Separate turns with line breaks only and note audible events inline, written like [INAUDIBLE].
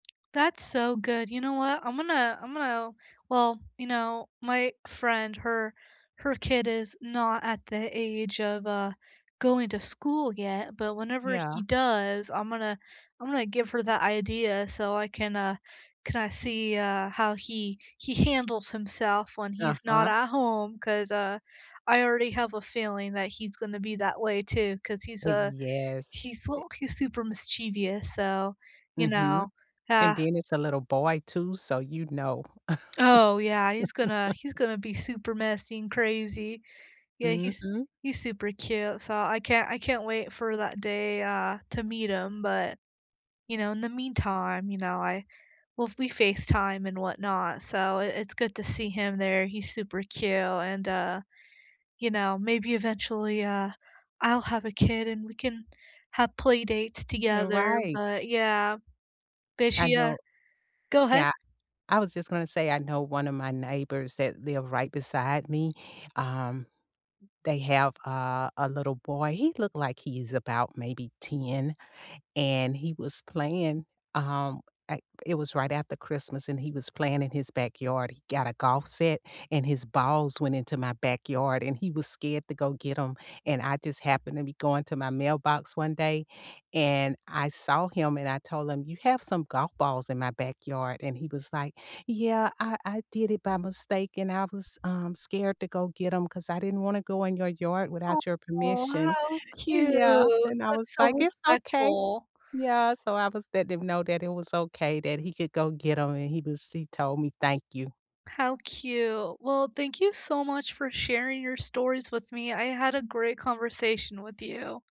That's so good. You know what? I'm gonna I'm gonna well, you know, my friend, her her kid is not at the age of, uh, going to school yet, but whenever
Yeah.
he does, I'm gonna I'm gonna give her that idea, so I can, uh, can, uh, see, uh, how he he handles himself when he's not
Uh-huh.
at home, 'cause, uh, I already have a feeling that he's gonna be that way too, 'cause he's
Uh,
a
yes.
he's
E
l key super mischievous, so, you
Mhm.
know,
And
ah
then it's a little boy too, so you'd know.
Oh, yeah, he's gonna he's
[LAUGHS]
gonna be super messy and crazy. Yeah, he's
Mhm.
he's super cute, so, I can't I can't wait for that day, uh, to meet him, but, you know, in the meantime, you know, I well, we FaceTime and whatnot, so, i it's good to see him there. He's super cute, and, uh, you know, maybe eventually, uh, I'll have a kid, and we can have play dates
You're
together,
right.
but yeah. Did
I
she uh
know
Go ahead.
Yeah. I was just gonna say, I know one of my neighbors that live right beside me, um, they have, uh, a little boy, he look like he's about maybe 10, and he was playing, um, I it was right after Christmas, and he was playing in his backyard. He got a golf set, and his balls went into my backyard, and he was scared to go get 'em, and I just happened to be going to my mailbox one day, and I saw him and I told him, "You have some golf balls in my backyard," and he was like, "Yeah, I I did it by mistake and I was, um, scared to go get 'em, 'cause I didn't wanna go in your yard
Aw,
without your permission."
how
And, yeah,
cute!
and I was
That's so
like, "It's okay."
respectful.
Yeah. So, I was letting him know that it was okay that he could go get 'em, and he was he told me "thank you."
How cute. Well, thank you so much for sharing your stories with me, I had a great conversation with you.